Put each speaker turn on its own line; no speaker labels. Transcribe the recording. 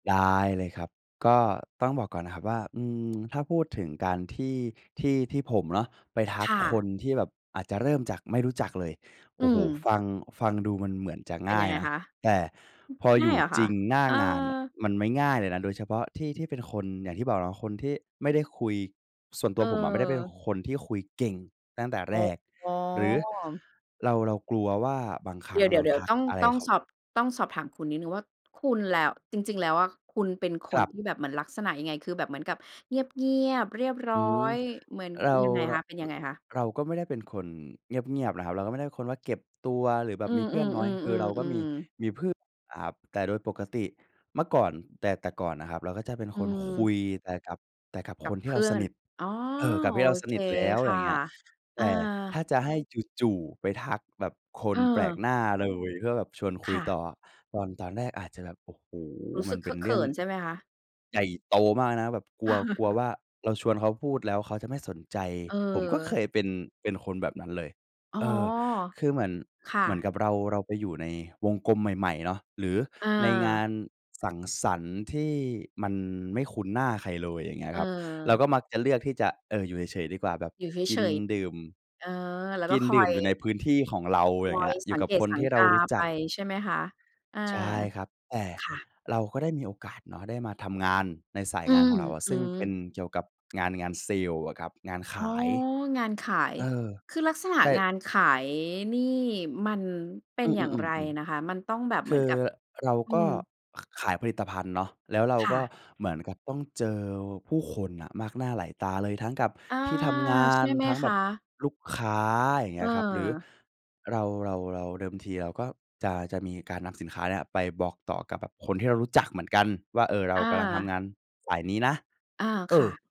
ได้เลยครับ ก็ต้องบอกก่อนนะครับว่า อืม ถ้าพูดถึงการที่ ที่ ที่ผมเนาะไปทั
ค
ก
่
ค
ะ
นที่แบบอาจจะเริ่มจากไม่รู้จักเลย โ
อ
อ
ื
้โฮ
ม
ฟัง ฟังดูมันเหมือนจะ
เป
ง
็น
่า
ยั
ย
งไง
นะ
คะ?
แต่พอ
ง
อย
่า
ู
ย
่
เหรอค
จ
ะ?
ริงหน้า
เอ
งานน่ะ
อ
มันไม่ง่ายเลยนะ โดยเฉพาะที่ ที่เป็นคนอย่างที่บอกเนาะคนที่ไม่ได้คุย ส่วนตัวผมอะไม่ได้เป็น
เออ
คนที่คุยเก่งตั้งแต่แรก
อ๋อ
หรือเรา เรากลัวว่า บางคร
เ
ั
ด
้
ี
ง
๋
เรา
ย
ท
ว
ั
ๆ ๆ
ก
ต้อง
อะไร
ต้อง
เขา
สอบ ต้องสอบถามคุณนิดหนึ่งว่า คุณ แล้ว จริง ๆ แล้วอะ คุณเป็นค
ค
น
รับ
ที่แบบเหมือนลักษณะยังไง คือแบบเหมือนกับเงียบ ๆ เรียบร
อ
้
ื
อ
ม
ย เหมือน
เรา
ยังไง
ร
คะ เป็นย
ร
ังไงคะ?
เราก็ไม่ได้เป็นคนเงียบ ๆ นะครับ เราก็ไม่ได้เป็นคนว่าเก็บตัว หรือแบ
อ
บ
ื
มี
อ
เพื่อนน้อย คือเรา
ๆ
ก็มี
ๆ ๆ ๆ
มีเพื่อนอะครับ แต่โดยปกติ เมื่อก่อน แต่ แต่ก่อนน่ะครับ เราก็จะเป็น
อื
คนคุ
ม
ยแต่กับ แต่กับ
ก
ค
ับ
นท
เ
ี
พ
่เรา
ื่อ
ส
น
นิท
อ๋อ
เออ กับ
โ
ท
อ
ี่เราส
เค
นิทแล้ว
ค่
อย
ะ
่างเงี้ย
อ
แต
า
่ถ้าจะให้จู่ ๆไปทักแบบคนแปลก
เออ
หน้าเลย เพื่อแบบชวนค
ค
ุย
่ะ
ต่อ ตอน ตอนแรกอาจจะแบบ โอ้โฮ
รู้ส
มั
ึ
น
กเ
เ
ค
ป็
อ
น
ะเ
เร
ข
ื่อ
ิ
ง
นใช่ไหมคะ?
ใหญ่โตมากนะแบบกลัว กลัวว่า เราชวนเขาพูดแล้วเขาจะไม่สนใจ ผมก็เค
เออ
ยเป็น เป็นคนแบบนั้นเลย
อ๋อ
เออ คือเหมือน
ค่
เหมือน
ะ
กับเรา เราไปอยู่ในวงกลมใหม่ ๆ เนาะ หรือ
อ
ในงา
า
นสังสรรค์ที่มันไม่คุ้นหน้าใครเลย อย่างเงี้ยครับ เรา
เออ
ก็มักจะเลือกที่จะ เออ อยู่เฉย ๆ ดีกว่า แบบ
อยู่เ
กิ
ฉ
น
ย
ดื่ม
ๆ เออ แล้ว
ก
ก็
ิน
คอ
ดื่ม
ย
อยู่ในพื้นที่ของเรา
ค
อย่
อ
างเงี
ย
้ย อย
ส
ู่
ัง
กับ
เกต
คน
สั
ท
ง
ี่เ
ก
รา
า
รู้
ไ
จ
ป
ัก
ใช่ไหมคะ? อา
ใช่ครับ แต่
ค่ะ
เราก็ได้มีโอกาสเนาะ ได้มาทำงานในสา
อ
ย
ื
งาน
ม
ของเราอะ
อื
ซึ่งเป็
อ
นเกี่ยวกับงาน งานเซลล์อะครับ งานข
อ๋อ
าย
งานขาย
เออ
คือลักษณะ
ใช่
งานขายนี่มันเป็
อ
น
ือ
อย่างไรนะ
ๆ
ค
ๆ
ะ? มันต้องแบบ
ๆ
เ
ค
หมือ
ื
น
อ
กับ
เรา
อื
ก็
ม
ข ขายผลิตภัณฑ์เนาะ แล้วเรา
ค่
ก็
ะ
เหมือนกับต้องเจอผู้คนน่ะมากหน้าหลายตาเลย ทั้งกับ
อา
ที่ทำงา
ใช่
น
ไหม
ทั้ง
ค
แบ
ะ?
บลูกค้า อย่างเงี้ยครับ หรือ
เออ
เรา เรา เรา เดิมทีเราก็จะ จะมีการนำสินค้าเนี่ยไปบอกต่อกับแบบคนที่เรารู้จักเหมือนกันว่า เออ เรา
อ
กำลังท
า
ำงานฝ่ายนี้นะ
อา
เอ
ค่
อ
ะ